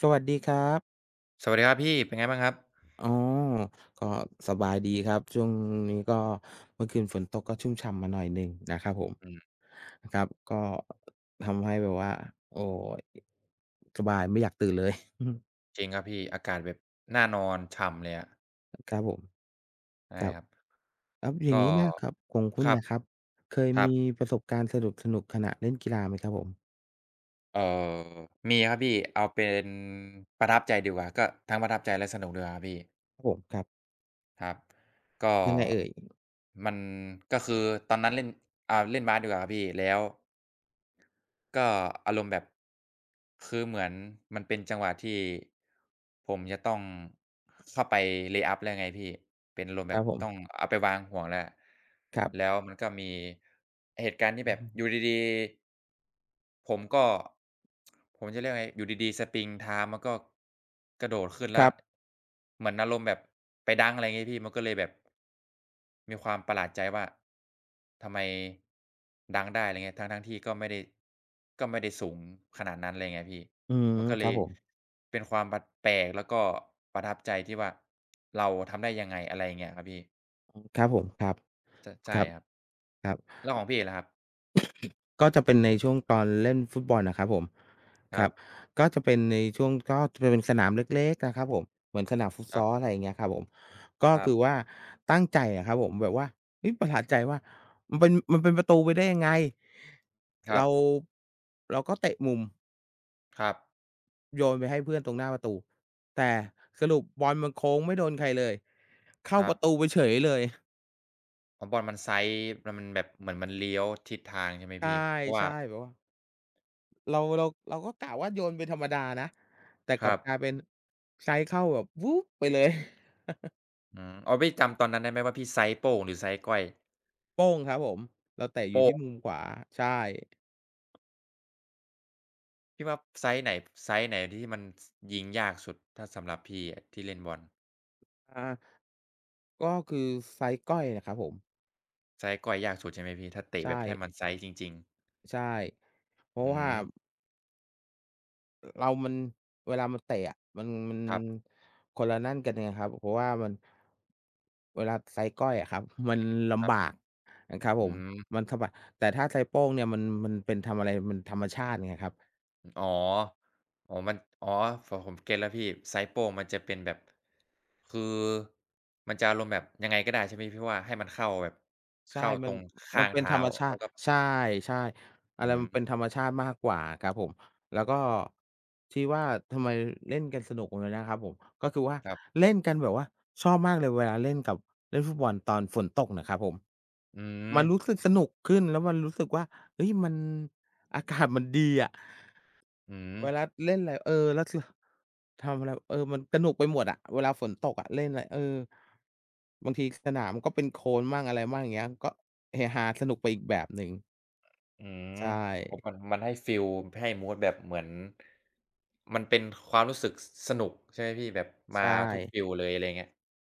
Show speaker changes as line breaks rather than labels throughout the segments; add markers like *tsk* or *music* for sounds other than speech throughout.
สวัสดีครับ
สวัสดีครับพี่ เป็นไงบ้างครับ?
อ๋อ ก็สบายดีครับ ช่วงนี้ก็ เมื่อคืนฝนตกก็ชุ่มฉ่ำมาหน่อยหนึ่งนะครับผม
อืม
ครับ ก็ ทำให้แบบว่า โอ๊ย สบายไม่อยากตื่น เลย *chuckles*
จริงครับพี่ อากาศแบบน่านอน ฉ่ำเลยอะ
อะ ครับผม
ใช่
ครับ
ครับ
ครับ อย
ก
่า
็
งนี้นะครับ ของคุ
ค
ณ
รั
น
บ
่ะครับ เคย
ครั
มี
บ
ประสบการณ์สนุก ๆ ขณะเล่นกีฬาไหมครับผม?
เอ่อ มีครับพี่ เอาเป็นประทับใจดีกว่า ก็ทั้งประทับใจและสนุกดีกว่าครับพี่
ครับผม ครับ
ครับ ก็
ยังไงเอ่ย?
มัน ก็คือตอนนั้นเล่น อะ เล่นบาสดีกว่าครับพี่ แล้ว ก็อารมณ์แบบ คือเหมือนมันเป็นจังหวะที่ผมจะต้องเข้าไป เลย์อัพ แล้วไงพี่ เป็นอารมณ์
ค
แ
ร
บ
ับ
บ
ผ
ต้
ม
องเอาไปวางห่วงแล้ว
ครั
แ
บ
ล้วมันก็มีเหตุการณ์ที่
อื
แบบ อ
ม
ยู่ดี ๆ ผมก็ *tsk* ผมจะเรียกไง อยู่ดี ๆ สปริงเท้ามันก็ กระโดดขึ้น
ค
แล
ร
้
ั
ว
บ
เหมือนอารมณ์แบบไปดังก์ อะไรงี้พี่ มันก็เลยแบบ มีความประหลาดใจว่า ทำไมดังก์ได้ อะไรอย่างเงี้ย ทั้ง ๆ ที่ก็ไม่ได้ ก็ไม่ได้สูงขนาดนั้น อะไรเงี้ยพี่
อืม
มันก็
ค
เล
รับ
ย
ผม
เป็นความบัด แปลกแล้วก็ประทับใจที่ว่า เราทำได้ยังไง อะไรอย่างเงี้ยครับพี่
อืม ครับผม ครับ
ช ใช่
ครับ
ครับ
ครับ
แล้วของพี่ล่ะครับ?
ก็จะเป็นในช่วงตอนเล่นฟุตบอลน่ะครับผม
ค
ค
ร
ร
ั
ับ
บ
ก็จะเป็นในช่วง ก็จะเป็นสนาม เล็ก เล็ก อะครับผม เหมือนสนามฟุต
ค
ซ
รับ
อล อะไรอย่างเงี้ยครับผม ก็
ครั
ค
บ
ือว่าตั้งใจอะครับผม แบบว่า เฮ้ย ประหลาดใจว่า มันเป็น มันเป็นประตูไปได้ยังไง
คร
เ
ั
ร
บ
า เราก็เตะมุม
ครับ
โยนไปให้เพื่อนตรงหน้าประตู แต่
อืม
สรุปบอลมันโค้งไม่โดนใครเลย เข้า
ครั
ประ
บ
ตูไปเฉยเลย
อ๋อ บอลมัน Side มัน มันแบบ เหมือนมันเลี้ยวทิศทาง ใช่ไหม
ใ
พี่ เพราะว
ช
่า
่ ๆ แบบว่า เรา เรา เราก็กะว่าโยนไปธรรมดานะ แต่
ค
กล
ร
ับ
ั
กล
บ
ายเป็น Side เข้าแบบ วืบ ไปเลย *laughs*
อืม อ๋อ พี่จำตอนนั้นได้ไหมว่าพี่ Side โป้ง หรือ Side ก้อย?
โป้งครับผม เราเตะอ
โป
ยู่
้
ที
ง
่มุมขวา ใช่
พี่ว่า Side ไหน ฟ Side ไหนที่มัน ส ยิงยากสุด ถ้าสำหรับพี่อะที่เล่นบอล?
อา ก็คือ Side ก้อยแหละครับผม
Side ก้อยยากสุดใช่ไหมพี่? ถ้าเต
ใ
ะ
ช
แบบให้
่
มัน Side จริง ๆ
ใช่ เพรา
อื
ะว่า
ม
อ เรามัน เวลามันเตะอะ มัน มัน
ครับ
คนละนั่นกันไงครับ เพราะว่ามัน เวลา Side ก้อยอะครับ คือมันล
ครั
ำ
บ
บากอะครับ
อ
ผม
ืม
มันสะบัด แต่ถ้า Side โป้งเนี่ยมัน มันเป็นทำอะไร มันธรรมชาติไงครับ
อึ อ๋อ อ๋อ มัน อ๋อ ฝ ผม ผมเก็ตแล้วพี่ Side โป้งมันจะเป็นแบบ คือมันจะอารมณ์แบบยังไงก็ได้ ใช่ไหมพี่ว่า ให้มันเข้าแบบ
ใช
เข
่
้า
ม
ต
ั
ร
น
งข
ม
้
ั
า
น
ง
เป
เท
็น
้
ธ
า
รรมชา
แล้
ต
ว
ิ
ก็
ใช่ ๆ อะ
อ
ไ
ื
รมันเป็
ม
นธรรมชาติมากกว่าอะครับผม แล้วก็ที่ว่าทำไม ล เล่นกันสนุกตรงนั้นนะครับผม ก็คือว่า
ครับ
เล่นกันแบบว่า ชอบมากเลย เวลาเล่นกับ เล่นฟุตบอลตอนฝนตกน่ะครับผม
อื
มัน
ม
รู้สึกสนุกขึ้น แล้วมันรู้สึกว่า เฮ้ย มัน อากาศมันดีอะ
อื
เว
ม
ลาเล่นไร เออ แล้ว ส ทำอะไร เออ มันสนุกไปหมดอะ เวลาฝนตกอะ เล่นไร เออ บางทีสนามก็เป็นโคลนมั่งอะไรมั่ง อย่างเงี้ย ก็เฮฮา สนุกไปอีกแบบหนึ่ง
อืม
ใช
โอ้
่
มัน มันให้ฟีล ให้มูดแบบเหมือน มันเป็นความรู้สึก ส สนุกใช่ไหมพี่? แบบ
ใ
ม
ช
าทุก
่
ฟีลเลย อะไรอย่างเงี้ย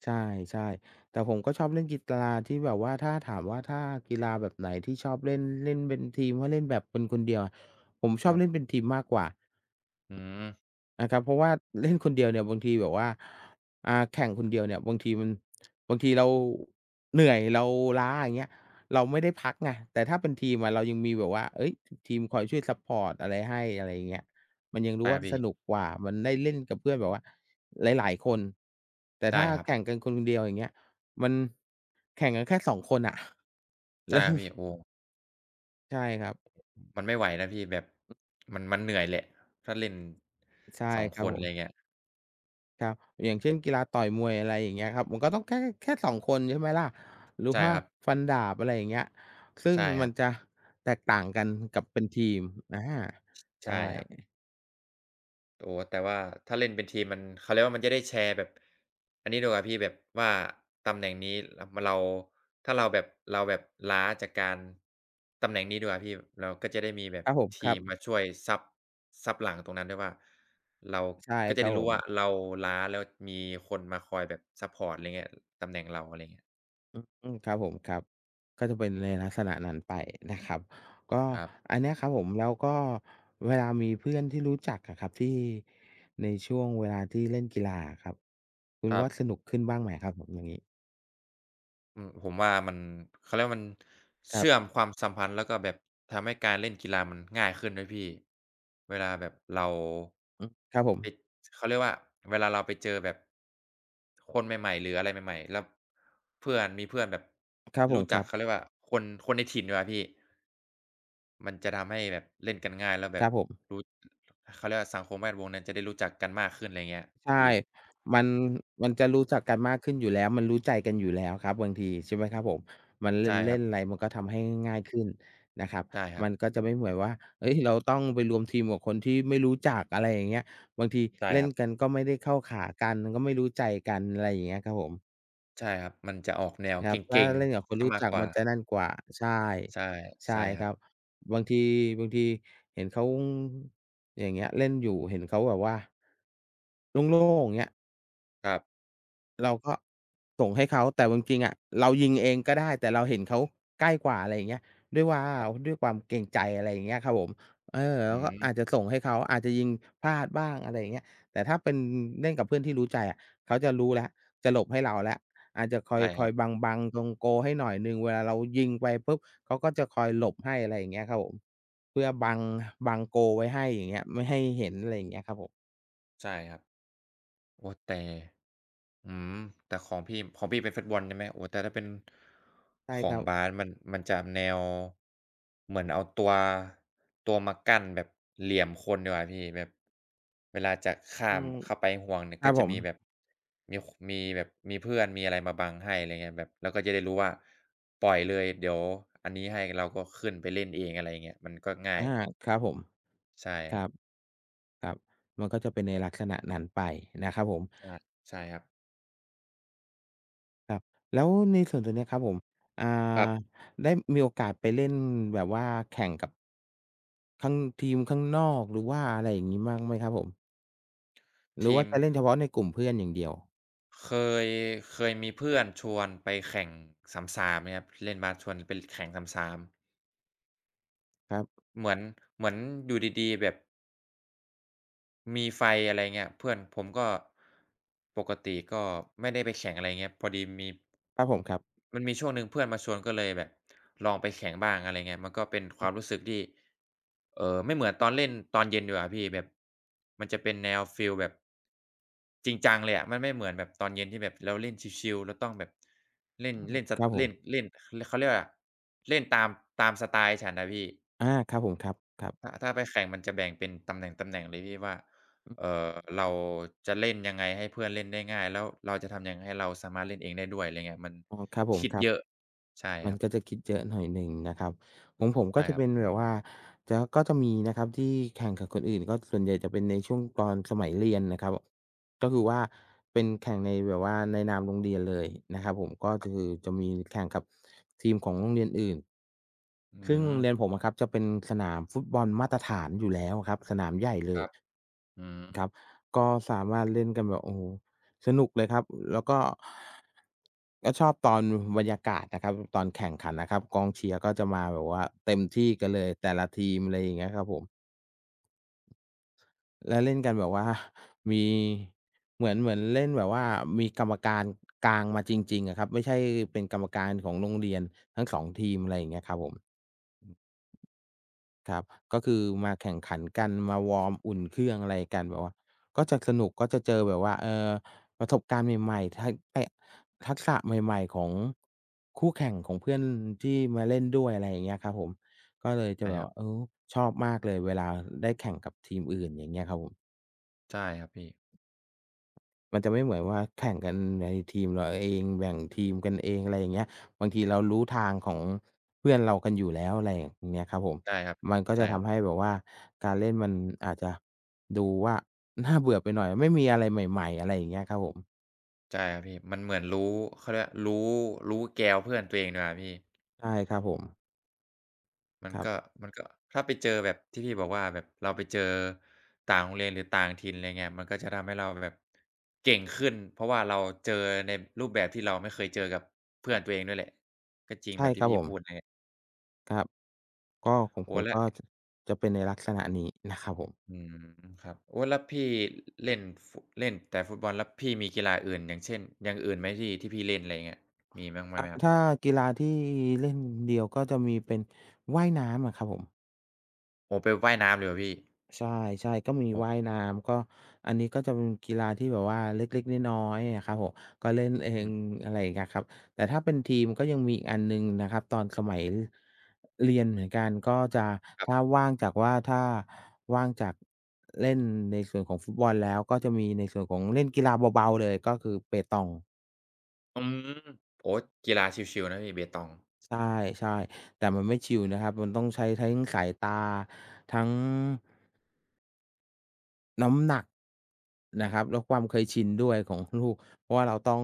ใช่ ๆ แต่ผมก็ชอบเล่นกีฬา ที่แบบว่า ถ้าถามว่าถ้ากีฬาแบบไหนที่ชอบเล่น เล่นเป็นทีม ก็เล่นแบบคน ๆ เดียว ผมช
ค
อ
ร
บ
ั
เ
บ
ล่นเป็นทีมมากกว่า
อืม
อา ครับ เพราะว่าเล่นคนเดียวเนี่ยบางทีแบบว่า อ่า แข่งคนเดียวเนี่ยบางทีมัน บางทีเรา เหนื่อย เราล้า อย่างเงี้ย เราไม่ได้พักไง แต่ถ้าเป็นทีมอะเรายังมีแบบว่า เฮ้ย! ท ทีมคอยช่วยซัปพอร์ตอะไรให้ อะไรอย่างเงี้ย มันยังรู
ใช
้
่
ว่
ค
า
รับพี
ส
่
นุกกว่า มันได้เล่นกับเพื่อนแบบ ว่าหลาย ๆ คน แต่
ใช
ถ
่
้า
ครั
แ
บ
ข่งกัน ค คนเดียว อย่างเงี้ย มัน แข่งกันแค่ 2 คนน่ะ
ใช
แล
่
้ว
ครับพี่ โอ้
ใช่ครับ
อ มันไม่ไหวนะพี่แบบ มัน มันเหนื่อยแหละ ถ้าเล่น
ใช่
2
คร
ค
ับ
น
ผ
อะไรอ
ม
ย่างเงี้ย
ครับ อย่างเช่น กีฬาต่อยมวย อะไรอย่างเงี้ยครับ มันก็ต้องแค่ แค่ แค่ 2 คนใช่ไหมล่ะ หรืพ
ใช่
ว่า
ครับ
ฟันดาบ อะไรอย่างเงี้ย ซึ่
ใ
ง
ช่ค
ม
ร
ั
ั
น
บ
จะแตกต่างกันกับเป็นทีม อา
ช ใช
ใช
่
่
ครับ อ๋อ แต่ว่า ถ้าเล่นเป็นทีมมัน เขาเรียกว่า มันจะได้แชร์แบบ อันนี้ดีกว่าพี่ แบบว่าตำแหน่งนี้รับ มะ เรา ถ้าเราแบบ เราแบบล้าจากการ ตำแหน่งนี้ดีกว่าพี่ เราก็จะได้มีแบ
ค
บ
รับผม
ท
คร
ี
ั
ม
บ
มาช่วย ซัป ซัปหลังตรงนั้นด้วยว่า เรา
ใช่
ก็จ
ค
ะ
รั
ได
บ
้ร
ผ
ู้ว่า
ม
เราล้า แล้วมีคนมาคอยแบบซัปพอร์ตอะไรเงี้ย ตำแหน่งเรา อะไรเงี้ย
อือ อืม ครับผม ครับ ก็จะเป็นในลักษณะนั้นไปนะครับ ก็
ครับ
อันเนี้ยครับผม แล้วก็เวลามีเพื่อนที่รู้จักอะครับ ที่ในช่วงเวลาที่เล่นกีฬาอะครับ คุ
ค
ณ
รั
ว
บ
่าสนุกขึ้นบ้างไหมครับผม? อย่างงี้
อืม ผมว่ามัน เขาเรียกว่า มัน
ค
เ
ร
ช
ับ
ื่อมความสัมพันธ์ แล้วก็แบบทำให้การเล่นกีฬามันง่ายขึ้นด้วยพี่ เวลาแบบเรา
อือ ครับผ
ปิ
ม
ด เขาเรียกว่า เวลาเราไปเจอแบบ คนใหม่ ๆ หรืออะไรใหม่ ๆ แล้ว เพื่อน มีเพื่อนแบบ
ครับผ
รู
ม
้
ค
จ
ร
ั
ั
ก
บ
เขาเรียกว่า คน คนในถิ่นดีกว่าพี่ มันจะทำให้แบบเล่นกันง่าย แล้วแ
ค
บ
ร
บ
ับผม
รู้ เขาเรียกว่า สังคมแวดวงนั้นจะได้รู้จักกันมากขึ้น อะไรอย่างเงี้ย
ใช่
พี่
มัน มันจะรู้จักกันมากขึ้นอยู่แล้ว มันรู้ใจกันอยู่แล้วครับบางที ใช่ไหมครับผม มัน เล
ใช
่
่
น เล
คร
่
ั
น
บ
ไร มันก็ทำให้ง่ายขึ้นนะครับ
ใช่ครั
มั
บ
นก็จะไม่เหมือนว่า เฮ้ย! เราต้องไปรวมทีมกับคนที่ไม่รู้จัก อะไรอย่างเงี้ย บางที
ใช่
เล่
ค
น
รับ
กัน ก็ไม่ได้เข้าขากัน ก็ไม่รู้ใจกัน อะไรอย่างเงี้ยครับผม
ใช่ครับ มันจะออกแนว
คร
เก
ับ ถ้า
ร็ง
เล่นกับค
ๆ
น
เสี
ร
ย
ู้
มา
จ
ก
ัก
กว
ม
่
ันจะ
า
นั่นกว่า ใช่
ใช่
ใช่
ใช่ค
ค
รั
รั
บ
บ บางที บางทีเห็นเขา อย่างเงี้ย เล่นอยู่ เห็นเขาแบบว่า โล่ง ๆ อย่างเงี้ย
ครับ
เราก็ส่งให้เขา แต่เอาจริง ๆ อะ เรายิงเองก็ได้ แต่เราเห็นเขาใกล้กว่า อะไรอย่างเงี้ย ด้วยว่า
ครับ
ด้วยความเกรงใจ อะไรอย่างเงี้ยครับผม เออ เร
อ
า
ื้อ
ก
ฮ
็อ
ื
า
อ
จจะส่งให้เขา อาจจะยิงพลาดบ้าง อะไรอย่างเงี้ย แต่ถ้าเป็นเล่นกับเพื่อนที่รู้ใจอะ เขาจะรู้แล้ว จะหลบให้เราแล้ว อาจจะค
ใ
อ
ช
ย
่
ค
คร
อ
ั
ย
บ
บัง บังตรงโกลให้หน่อยหนึ่ง เวลาเรายิงไปปุ๊บ เขาก็จะคอยหลบให้ อะไรอย่างเงี้ยครับผม เพื่อบัง บังโกลไว้ให้ อย่างเงี้ย ไม่ให้เห็น อะไรอย่างเงี้ยครับผม
ใช่ครับ โอ้ แต่ อื้อฮือ แต่ของพี่ ของพี่เป็นฟุตบอล ใช่ไหม โอ้ แต่ถ้าเป็น
ใช่
ข
ค
อ
ร
ง
ับ
บาส มัน มันจะแนว เหมือนเอาตัว ตัวมากั้นแบบเหลี่ยมคนดีกว่าพี่ แบบเวลาจะข้
อ
า
ื
ม
ม
เข้าไปห่วงเนี่ย
คร
ก
ั
็
บ
จ
ผ
ะ
ม
มีแบบ มี ค มีแบบ มีเพื่อน มีอะไรมาบังให้ อะไรเงี้ย แบบเราก็จะได้รู้ว่าปล่อยเลย เดี๋ยวอันนี้ให้ เราก็ขึ้นไปเล่นเอง อะไรเงี้ย มันก็ง่า
อา
ย
ครับผม
ใช่
ค
คร
รั
ับ
บ ครับ มันก็จะเป็นในลักษณะนั้นไปนะครับผม
อา ใช่ครับ
ครับ แล้วในส่วนตรงเนี้ยครับผม อา
ครับ
ได้มีโอกาสไปเล่นแบบว่าแข่งกับ ข้าง ทีมข้างนอก หรือว่าอะไรอย่างงี้มั่งไหมครับผม? หร
ท
ือว
ี
่า
ม
จะเล่
ข
นเฉพาะในกลุ่มเพื่อนอย่างเดียว?
เคย เคยมีเพื่อนชวนไปแข่ง 3-3 อย่างเงี้ยครับ พ เล่นบาสชวนไป ล แข่ง 3-3
ครับ
เหมือน เหมือนอยู่ดี ๆ แบบ มีไฟ อะไรเงี้ย เพื่อน ผมก็ ปกติก็ไม่ได้ไปแข่งอะไรเงี้ย พอดีมี
ครับผม ครับ
มันมีช่วงหนึ่งเพื่อนมาชวนก็เลยแบบลองไปแข่งบ้าง อะไรเงี้ย มันก็เป็นค
อื
วา
อ
มรู้สึกที่ เอ่อ ไม่เหมือนตอนเล่นตอนเย็นดีกว่าพี่ แบบมันจะเป็นแนวฟีลแบบ จริงจังเลยอะ มันไม่เหมือนแบบตอนเย็น ที่แบบเราเล่นชิล ๆ เราต้องแบบ เล่
อ
น
ืม
เล่น สะ
ครับผ
เล่
ม
น เล่น ข เขาเรียกอะไรอะ เล่นตาม ตามสไตล์ฉันอะพี่
อา ครับผม ครับ ครับ
ถ้า ถ้าไปแข่งมันจะแบ่งเป็นตำแหน่ง ๆ เลยพี่ว่า
อือ
เอ่อ เราจะเล่นยังไงให้เพื่อนเล่นได้ง่าย แล้วเราจะทำยังไงให้เราสามารถเล่นเองได้ด้วย อะไรเงี้ย มัน
อ๋อ ครับผ
ค
ม
ิด
ครั
เ
บ
ยอะ ใช่
มั
ค
น
รับ
ก็จะคิดเยอะหน่อยหนึ่งนะครับ ของผม
ใ
ก
ช
็
่
จะ
คร
เ
ับ
ป็นแบบว่า จะ ก็มีนะครับที่แข่งกับคนอื่น ก็ส่วนใหญ่จะเป็นในช่วงตอนสมัยเรียนนะครับ บ ก็คือว่าเป็นแข่งในแบบว่าในนามโรงเรียนเลยนะครับผม ก็ จ คือจะมี ล แข่งกับทีมของโรงเรียนอื่น
อ
ซึ่งโรงเรี
ือ
ยนผมอะครับจะเป็นสนามฟุตบอลมาตรฐานอยู่แล้วอะครับ สนามใหญ่เล
คร
ย
ับ อื
ครั
อ
บ ก็สามารถเล่นกันแบบ โอ้โฮ สนุกเลยครับ อ แล้วก็ ก็ชอบตอน ม บรรยากาศนะครับ ม ตอนแข่งขันนะครับ กองเชียร์ก็จะมาแบบว่าเต็มที่กันเลยแต่ละทีม อะไรอย่างเงี้ยครับผม แล้วเล่นกันแบบ ว่า มี เหมือน เหมือนเล่นแบบว่ามีกรรมการ กลางมาจริง ๆ อะครับ ไม่ใช่เป็นกรรมการของโรงเรียนทั้ง 2 ทีม ไรเงี้ยครับผม
อือ
ครับ ก็คือมาแข่งขันกัน มาวอร์ม อุ่นเครื่อง อะไรกันแบบว่า ก็สนุกก็จะเจอแบบว่า เอ่อ ประสบการณ์ใหม่ ๆ ทัก ไอ ทักษะใหม่ ๆ ของ คู่แข่ง ของเพื่อนที่มาเล่นด้วย อะไรอย่างเงี้ยครับผม ก็เลยจ
ใช
ะ
่
แบ
คร
บ
ับ
เออ ชอบมากเลยเวลาได้แข่งกับทีมอื่น อย่างเงี้ยครับผม
ใช่ครับพี่
มันจะไม่เหมือนว่าแข่งกันในทีม ร เราเอง แบ่งทีมกันเอง ไรอย่างเงี้ย บางทีเรารู้ทางของ เพื่อนเรากันอยู่แล้ว ไรเงี้ยครับผม
ใช่ครับ
มันก็
ใช
จ
่
ะท
ครับ
ำให้แบบว่าการเล่นมันอาจจะ ดูว่า น่าเบื่อไปหน่อย ไม่มีอะไรใหม่ ๆ อะไรอย่างเงี้ยครับผม
ใช่ครับพี่ มันเหมือนรู้ เขาเรียกว่า รู้ รู้แกวเพื่อนตัวเองดีกว่าพี่
ใช่ครับผม
มั
ค
น
รั
ก็
บ
มันก็ถ้าไปเจอแบบที่พี่บอกว่าแบบ เราไป เจอต่างโรงเรียนหรือต่างถิ่น ไรเงี้ย มันก็จะทำให้เราแบบ เก่งขึ้น เพราะว่าเราเจอในรูปแบบที่เราไม่เคยเจอกับ เพื่อนตัวเองด้วยแหละ ก็จริ
ใ
ง
ช
แ
่
บบท
ค
ี่
รับ
พี่
ผ
พ
ม
ูดเลย
ครับ ก็ของ
โอ้
ผม
แล้
ก
ว
็จะ จะเป็นในลักษณะนี้นะครับผม
อืม ครับ โอ้ แล้วพี่ ล เล่น ฟ เล่นแต่ฟุตบอล แล้วพี่มีกีฬาอื่น อย่างเช่น อย่างอื่นไหมพี่ที่พี่เล่น อะไรอย่างเงี้ย มีบ้าง บ้า
อ
ง
า
ไหมครับ?
ถ้ากีฬาที่เล่นเดี่ยวก็จะมีเป็นว่ายน้ำอะครับผม
โอ้ ไปว่ายน้ำเลยเหรอพี่?
ใช่ ๆ ก็มี
โอ้
ว่ายน้ำ ก็อันนี้ก็จะเป็นกีฬาที่แบบว่าเล็ก ๆ น้อย ๆ อะครับผม ก็เล่นเอ
อื
ง
ม
อ อะไรอย่างเงี้ยครับ แต่ถ้าเป็นทีมก็ยังมีอีกอันหนึ่งนะครับตอนสมัย ร เรียนเหมือนกัน ก็จะ
คร
ถ
ับ
้าว่างจาก ว่า ถ้าว่างจากเล่นในส่วนของฟุตบอลแล้ว ก็จะมีในส่วนของเล่นกีฬาเบา ๆ เลย ก็คือเปตอง
อืม โอ๊ย กีฬาชิล ๆ นะพี่เปตอง
ใช่ ๆ แต่มันไม่ชิลนะครับ มันต้องใช้แท้งสายตา ทั้ง น้ำหนักน
อื
ะคร
ม
ับ แล้วความเคยชินด้วยของ ข ลูก เพราะว่าเราต้อง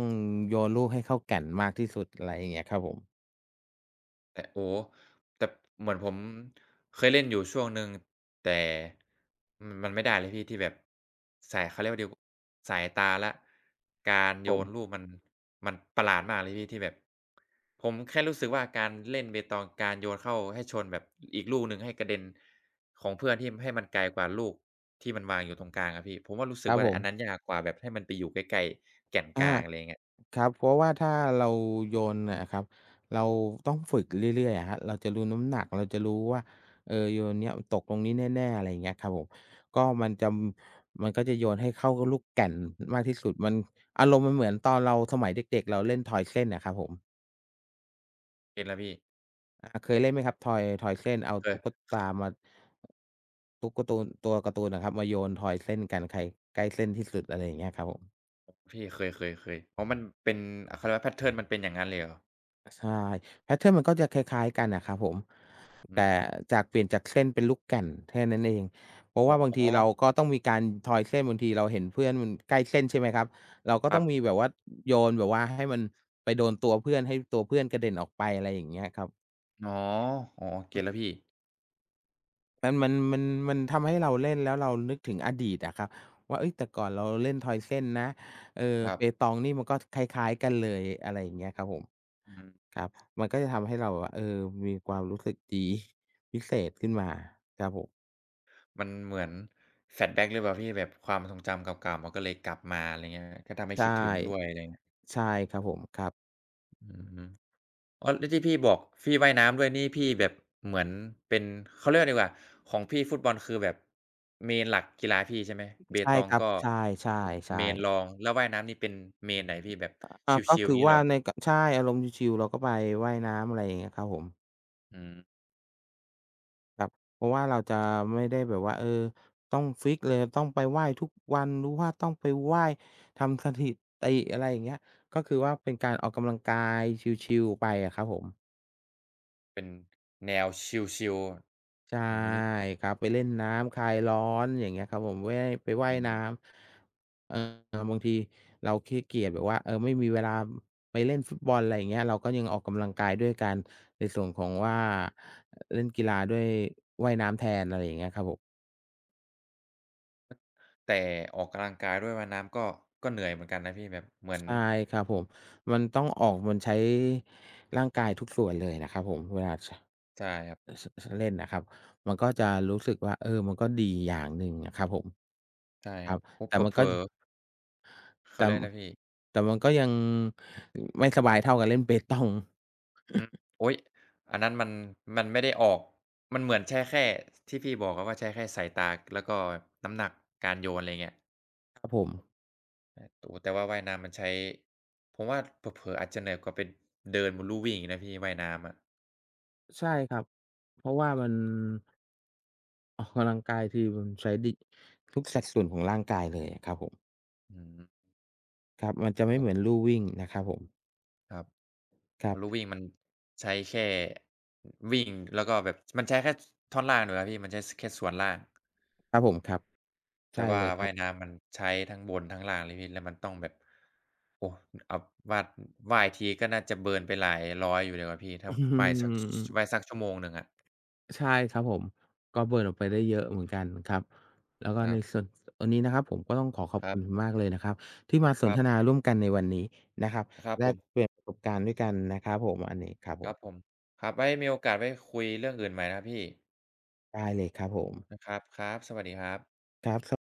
โยนลูกให้เข้าแก่นมากที่สุด อะไรเงี้ยครับผม
แต่ โอ้โฮ แต่เหมือนผมเคยเล่นอยู่ช่วงหนึ่ง แต่ อือ มันไม่ได้เลยพี่ที่แบบ ใส่ เขาเรียกว่าดิว สายตาและ การโย
ผม
นลูกมัน มันประหลาดมากเลยพี่ที่แบบ ผมแค่รู้สึกว่า การเล่นเปตอง การโยนเข้าให้ชนแบบอีกลูกหนึ่งให้กระเด็นของเพื่อน ที่ ม ให้มันไกลกว่าลูกที่มันวางอยู่ตรงกลางอะพี่ ผมว่ารู้ส
ค
ึ
ร
ก
ับ
ว่า
ผ
อัน
ม
นั้นยากกว่าแบบให้มันไปอยู่ใกล้ ๆ แก่น
อ
ก
า
ลาง อะไรอย่างเงี้ย
ครับ เพราะว่าถ้าเราโยนอะครับ เราต้องฝึกเรื่อย ๆ อะครับ เราจะรู้น้ำหนัก เราจะรู้ว่า เออ โยนนี้ ม ตกตรงนี้แน่ ๆ อะไรอย่างเงี้ยครับผม ก็มันจำ มันก็จะโยนให้เข้าลูกแก่น ม มากที่สุด มัน อารมณ์มันเหมือนตอนเราสมัยเด็ก ๆ เราเล่นทอยเส้นอะครับผม
เก็ตแล้วพี่
อา เคยเล่นไหมครับ? ทอย ทอยเส้น เอา
เค
ตุ
ย
๊กตามา ตุ๊กการ์ตูน ตัวการ์ตูนอะครับมาโยนทอยเส้นกัน ใครใกล้เส้นที่สุด อะไรอย่างเงี้ยครับผม
พี่ เคย ๆ ๆ เพราะมันเป็น เขาเรียกว่า แพตเทิร์น มันเป็นอย่างงั้นเลยเหรอ?
ใช่ แพตเทิร์น มันก็จะคล้าย ๆ กันน่ะครับผม
อ
แ
ื
ต่
ม
จาก เปลี่ยนจากเส้นเป็นลูกแก่นแค่นั้นเอง เพราะว
อ
่
๋
าบางทีเรา
อ
ก็ต้องมีการทอยเส้น บางทีเราเห็นเพื่อนมันใกล้เส้น ใช่ไหมครับ เราก็
ค
ต
ร
้อ
ั
ง
บ
มีแบบว่าโยนแบบว่าให้มัน ไปโดนตัวเพื่อนให้ตัวเพื่อนกระเด็นออกไป ไรอย่างเงี้ยครับ
อ๋อ อ๋อ เก็ตแล้วพี่
มัน มัน มัน มันทำให้เราเล่นแล้วเรานึกถึงอดีตอะครับว่า เอ๊ย แต่ก่อนเราเล่นทอยเส้นนะ เออ
คร
เป
ับ
ตองนี่มันก็คล้าย ๆ กันเลย อะไรอย่างเงี้ยครับผม
อือฮึ
ครับ มันก็จะทำให้เราแบบว่า เออ มีความรู้สึกดีพิเศษ
อ
ขึ
ื
้นมา
ม
ครับผม
มันเหมือน Flashback หรือเปล่าพี่ แบบความทรงจำเก่า ๆ มันก็เลยกลับมา ไรเงี้ย ก็ทำให้
ใช
ค
่
ิดถึงด้วยเลยไง
ใช่ครับผม ครับ
อือฮึ อ๋อ แล้วที่พี่บอกพี่ ว่ายน้ำด้วยนี่พี่แบบเหมือนเป็น เขาเรียกไรดีกว่า ของพี่ฟุตบอล คือแบบ Main กีฬาพี่ใช่ไหม เป
ใช่
ตอ
ค
ง
รั
ก
บ
็
ใช่
Main
ๆ ๆ
รอง แล้วว่ายน้ำนี่เป็น Main ไหนพี่ แบบ
อา
ช
ก็
ิ
ค
ล
ื
ๆ
อ
งี้
ว
เ
่
หร
า
อ?
ใน ก ใช่อารมณ์ชิล ๆ เราก็ไปว่ายน้ำ ไรอย่างเงี้ยครับผม
อือ
ครับ เพราะว่าเราจะไม่ได้แบบว่า เออ ต้องฟิกซ์เลย ต้องไปว่ายทุกวัน หรือว่าต้องไปว่ายทำสถิติ อะไรอย่างเงี้ย ก็คือว่า เป็นการออกกำลังกายชิลล์ ๆ ไปอะครับผม
เป็นแนวชิลล์
ใช่
ๆ อือฮึ
ครับ ไปเล่นน้ำคลายร้อน อย่างเงี้ยครับผม แว่ ไปว่า
อ
ยน้
ืม
ำ เออ บางทีเราขี้เกียจแบบว่า เออ ไม่มีเวลาไปเล่นฟุตบอล อะไรอย่างเงี้ย เราก็ยังออกกำลังกายด้วยการ ในส่วนของว่า เล่นกีฬาด้วยว่ายน้ำแทน อะไรอย่างเงี้ยครับผม
แต่ออกกำลังกาย ด้วยว่ายน้ำ ก็ ก็เหนื่อยเหมือนกันนะพี่ แบบเหมือ
ใ
น
ช่ครับผม มันต้องออก มันใช้ร่างกายทุกส่วนเลยนะครับผม เวลา ช
ใช่ครับ
อือ ช ช เล่นอะครับ มันก็จะรู้สึกว่า เออ มันก็ดีอย่างหนึ่งอะครับผม
ใช่
ค
ค
ร
ร
ั
ั
บ
บ อ
แต่
เผลอ
มัน
เผ
ก็
ลอ เข
แ
า
ต
เ
่
รียก
อ
นะพี่
แต่มันก็ยังไม่สบายเท่ากับเล่น เปตอง
อือ
*chuckles*
โอ๊ย อันนั้นมัน มันไม่ได้ออก มันเหมือนใช้แค่ที่พี่บอกอะว่า ใช้แค่สายตา แล้วก็น้ำหนักการโยน อะไรเงี้ย
ครับผม
อ ตู๋ แต่ว่าว่ายน้ำมันใช้ ผมว่าเผลอ ๆ อาจจะเหนื่อยกว่าเป็น เดินบนลู่วิ่งอีกนะพี่ ว่ายน้ำอะ
ใช่ครับ เพราะว่ามัน ออก กำลังกายที มันใช้ดิ ทุกสัดส่วนของร่างกายเลยอะครับผม
อืม
ครับ มันจะไม
โ
่
อ้
เหมือนลู่วิ่งนะครับผม
ครับ
คร
อ
ั
ะ
บ
ลู่วิ่งมันใช้แค่ อ วิ่ง แล้วก็แบบ ช มันใช้แค่ ช ท่อนล่างดีกว่าพี่ มันใช้ ส แค่ส่วนล่าง
ครับผม ครับ ใช
แต
่
่ว่
เ
า
ลยคร
ว
ั
่า
บ
ยน้ำมันใช้ทั้งบนทั้งล่างเลยพี่ แล้วมันต้องแบบ โอ้ อ อับ วาด ว่ายทีก็น่าจะเบิร์นไปหลายร้อยอยู่เลยนะครับพี่ ถ้
อ
า
ื
ว่ายสัก ส ส
ม
ว่ายสักชั่วโมงหนึ่งอะ
ใช่ครับผม ก็เบิร์นออกไปได้เยอะเหมือนกันครับ แล้วก็
คร
ใ
ั
น
บ
ส่วน วันนี้นะครับผม ก็ต้องขอขอบ
คร
ค
ั
ุ
บ
ณคุณมากเลยนะครับ ที่มาส
คร
น
ั
ท
บ
นาร่วมกันในวันนี้นะครับ
ครับ
แล
ผ
ก
ม
เปลี่ยนประสบการณ์ด้วยกันนะครับผม อันนี้ครับผ
คร
ม
ับผม ครับ ไว้มีโอกาส ไว้คุยเรื่องอื่นใหม่นะพี่
ได้เลยครับผม
อ ครับ ครับ สวัสดีครับ
ครับ ส